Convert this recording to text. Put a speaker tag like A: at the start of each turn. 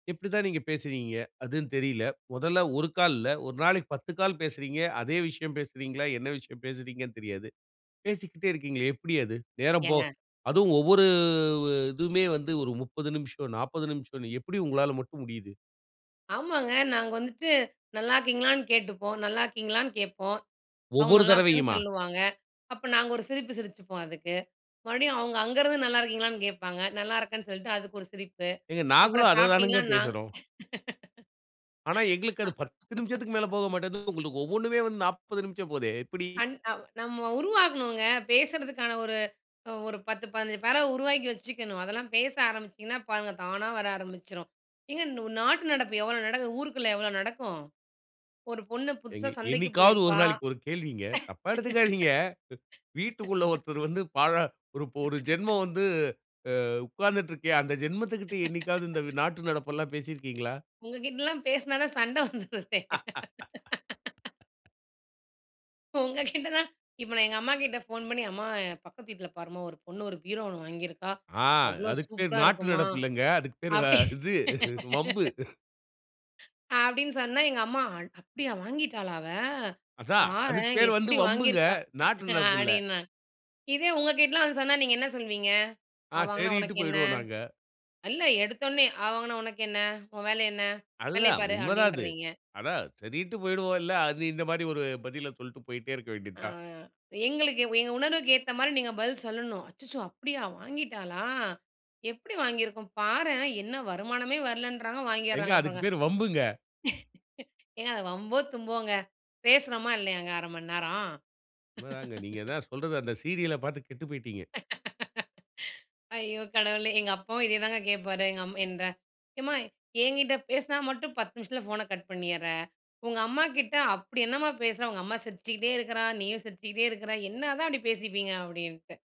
A: இப்படி தான் நீங்க பேசுவீங்க? அதுந்தெரியல. மொதல்ல 1 கால் இல்ல, ஒரு நாளைக்கு 10 கால் பேசுறீங்க. அதே விஷயம் பேசுறீங்களா? என்ன விஷயம் பேசுறீங்கன்னு தெரியாது. பேசிக்கிட்டே இருக்கீங்களே எப்படி அது? நேரம் போ
B: ஏங்க
A: அதுவும் ஒவ்வொரு இதுவுமே வந்து ஒரு 30 நிமிஷம் 40 நிமிஷம்னு எப்படி உங்களால மட்டும் முடியுது?
B: ஆமாங்க. நாங்க வந்துட்டு, நல்லா இருக்கீங்களான்னு கேட்டுப்போம். நல்லா இருக்கீங்களான்னு கேட்போம். அவுங்க
A: ஒவ்வொரு
B: நல்லா இருக்கேன்னு
A: தரவையுமா?
B: சொல்லுவாங்க. அப்ப நாங்க ஒரு சிரிப்பு சிரிச்சுப்போம், அதுக்கு. மறுபடியும் அவுங்க அங்கருந்து நல்லா இருக்கீங்களான்னு கேட்பாங்க. நல்லா இருக்கேன்னு சொல்ட்டு, அதுக்கு ஒரு சிரிப்பு.
A: ஏங்க, நாங்களும்
B: அப்புறம்
A: அத
B: சாப்டீங்களா
A: தானங்க
B: நான்
A: பேசுறோம்! ஆனா, எங்களுக்கு அது 10 நிமிஷத்திக்கு மேல போக மாட்டேங்குது, உங்களுக்கு ஒவ்வொன்னுமே வந்து 40 நிமிஷம் போதே! எப்படி?
B: கண் அ நம்ம உருவாக்கனுங்க. பேசுறதுக்கான ஒரு ஒரு 10, 15 பேராவ உருவாக்கி வச்சுக்கணும். அதெல்லாம் பேச ஆரம்பிச்சீங்கனா பாருங்க, தானா வர ஆரம்பிச்சுரும். ஏங்க நு நாட்டு நடப்பு எவ்வளோ நடக்குது? ஊருக்குள்ள எவ்வளோ நடக்கும்? ஒரு பொண்ணு
A: ஏங்க,
B: புதுசா சந்தைக்கு
A: என்னைக்காவது ஒரு
B: போயிருப்பா
A: நாளைக்கு, ஒரு கேள்விங்க. தப்பா எடுத்துக்காதீங்க. வீட்டுக்குள்ள ஒருத்தர் வந்து, பாழ ஒரு ஜென்மம் வந்து ஆ உக்காந்துட்ருக்கே. அந்த ஜென்மத்துக்கிட்ட என்னைக்காவது இந்த நாட்டு நடப்பெல்லாம் பேசியிருக்கீங்களா?
B: உங்ககிட்லலாம் பேசுனா தான் சண்ட வந்துருதே! உங்க கிட்ட தான் இப்போ நான் எங்கம்மாகிட்ட ஃபோன் பண்ணி," அம்மா என் பக்கத்து வீட்ல பாரும்மா! ஒரு பொண்ணு ஒரு பீரோ 1 வாங்கியிருக்கா,
A: ஆ!
B: அவ்வளோ
A: அதுக்கு பேர்
B: சூப்பரா
A: நாட்டு,
B: இருக்குமா"
A: நடப்பு இல்லைங்க, அதுக்கு பேர் வ
B: அப்படி
A: இது, வம்பு.
B: அப்படின்னு சொன்னா எங்கம்மா, "அட் அப்படியா! வாங்கிட்டாளா அவ!
A: அதான், அதுக்கு
B: பாரேன்!
A: பேரு வந்து
B: எப்படி
A: வம்புங்க.
B: வாங்கியிருக்கா?"
A: நாட்டு நடப்பில்ல.
B: அப்டின்னுவங்க, இதே உங்க கிட்டலாம் வந்து சொன்னா, நீங்க என்ன சொல்வீங்க?
A: ஆ,
B: அவ வாங்கினா
A: சரின்ட்டு
B: உனக்கென்ன?
A: போயிடுவோம் நாங்க.
B: இல்ல எடுத்தோன்னே, அவ வாங்கினா உனக்கென்ன? உன் வேலை என்ன? வேலைய
A: அதுதான்,
B: பாரு
A: உண்மைதான் அது.
B: அப்படீன்றீங்க.
A: அதான், சரின்ட்டு போயிடுவோம்ல, அது இந்த மாரி ஒரு பதில சொல்லிட்டு போயிட்டே இருக்க வேண்டியது
B: ஆ
A: தான்.
B: எங்களுக்கு வ எங்க உணர்வுக்கேத்தா மாதிரி நீங்க பதில் சொல்லணும். "அச்சச்சோ! அப்படியா வாங்கிட்டாளா? எப்படி வாங்கியிருக்கும்? பாரேன், என்ன வருமானமே வரலன்றாங்க!
A: ஏங்க,
B: வாங்கியர்றாங்க
A: அதுக்கு
B: பாருங்க."
A: பேரு வம்புங்க.
B: ஏங்க, அது வம்போ தும்போங்க, பேசுறோமா? இல்லையாங்க? 1/2 மணிநேரம்?
A: உண்மைதாங்க, நீங்க தான் சொல்றது அந்த சீரியல பாத்து கெட்டு போய்ட்டீங்க.
B: ஐயோ கடவுளே! எங்கப்பாவும் இதே தாங்க கேட்பாரு, எங்கம்மா இந்த "எம்மா! என்கிட்ட பேசினா மட்டும் 10 நிமிஷத்தில ஃபோன கட் பண்ணீர்ற. உங்கம்மாகிட்ட, அப்படி என்னாம்மா பேசுற? உங்கம்மா சிரிச்சுக்கிட்டே இருக்கிறா! நீயும் சிரிச்சுக்கிட்டே இருக்கிற! என்னதான் அப்படி பேசிப்பீங்க" அப்படின்னுட்டு.